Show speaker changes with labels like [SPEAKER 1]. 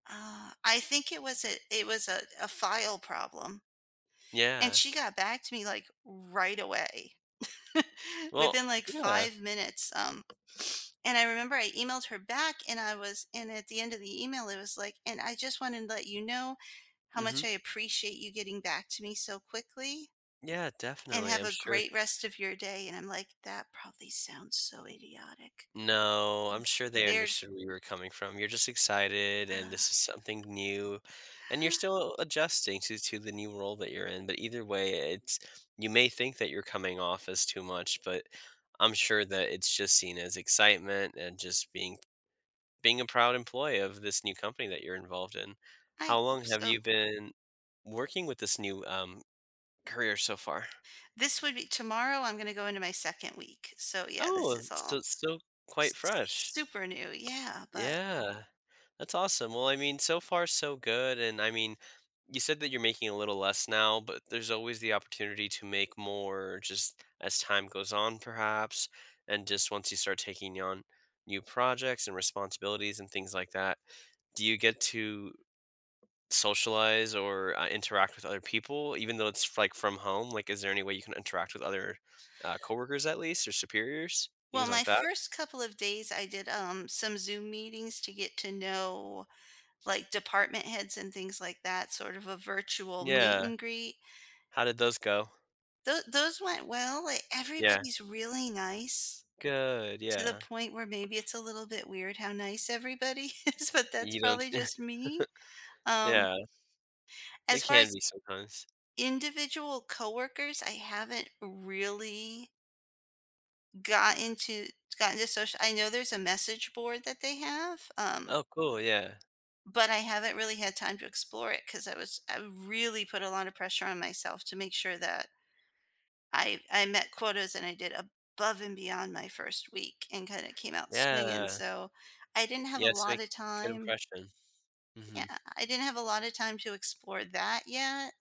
[SPEAKER 1] Ah, I think it was it it was a a file problem and
[SPEAKER 2] Yeah.
[SPEAKER 1] she got back to me, like, right away
[SPEAKER 2] Well
[SPEAKER 1] within, like,
[SPEAKER 2] Yeah.
[SPEAKER 1] 5 minutes, um And I remember I emailed her back, and I was and at the end of the email, it was like, "And I just wanted to let you know how much
[SPEAKER 2] Mhm.
[SPEAKER 1] I appreciate you getting back to me so quickly"
[SPEAKER 2] Yeah,
[SPEAKER 1] "and
[SPEAKER 2] definitely,
[SPEAKER 1] have
[SPEAKER 2] I'm
[SPEAKER 1] a
[SPEAKER 2] sure
[SPEAKER 1] great rest of your day," and I'm like, "That probably sounds so idiotic." S
[SPEAKER 2] No, I'm sure they
[SPEAKER 1] They're
[SPEAKER 2] understood where you were coming from, you're just excited, and this is something new, and you're still adjusting to to the new role that you're in, but either way, it's you may think that you're coming off as too much, but I'm sure that it's just seen as excitement and just being being a proud employee of this new company that you're involved in.
[SPEAKER 1] I
[SPEAKER 2] How long
[SPEAKER 1] hope
[SPEAKER 2] have
[SPEAKER 1] so.
[SPEAKER 2] you been working with this new, um, career so far?
[SPEAKER 1] This would be tomorrow, I'm gonna go into my 2nd week, so, yeah, this
[SPEAKER 2] Oh,
[SPEAKER 1] is all
[SPEAKER 2] so still quite
[SPEAKER 1] s s s
[SPEAKER 2] fresh.
[SPEAKER 1] super new, yeah, but
[SPEAKER 2] Yeah. That's awesome, well, I mean, so far so good, and, I mean, you said that you're making a little less now, but there's always the opportunity to make more just as time goes on perhaps and just once you start taking on new projects and responsibilities and things like that. Do you get to socialize or, uh, interact with other people even though it's, like, from home? Like, is there any way you can interact with other, uh, coworkers at least or superiors,
[SPEAKER 1] Well,
[SPEAKER 2] things
[SPEAKER 1] my
[SPEAKER 2] like that?
[SPEAKER 1] first couple of days, I did, um, some Zoom meetings to get to know, like, department heads and things like that, sort of a virtual meet
[SPEAKER 2] Yeah.
[SPEAKER 1] and greet.
[SPEAKER 2] How did those go?
[SPEAKER 1] Tho those went well, e
[SPEAKER 2] Yeah.
[SPEAKER 1] everybody's really nice,
[SPEAKER 2] Good,
[SPEAKER 1] to the
[SPEAKER 2] yeah.
[SPEAKER 1] point where maybe it's a little bit weird how nice everybody is, but that's
[SPEAKER 2] You don't
[SPEAKER 1] probably just me. Um
[SPEAKER 2] Yeah. It
[SPEAKER 1] as far
[SPEAKER 2] can
[SPEAKER 1] as
[SPEAKER 2] be sometimes.
[SPEAKER 1] individual coworkers, I haven't really gotten to gotten to social I know there's a message board that they have, um
[SPEAKER 2] Oh cool, yeah.
[SPEAKER 1] but I haven't really had time to explore it, 'cause I was I really put a lot of pressure on myself to make sure that I I met quotas and I did above and beyond my 1st week and kinda came out swinging,
[SPEAKER 2] Yeah.
[SPEAKER 1] so I didn't have a
[SPEAKER 2] Yeah, to make
[SPEAKER 1] lotta
[SPEAKER 2] a good
[SPEAKER 1] time
[SPEAKER 2] impression.
[SPEAKER 1] Yeah,
[SPEAKER 2] Mhm.
[SPEAKER 1] I didn't have a lotta time to explore that yet.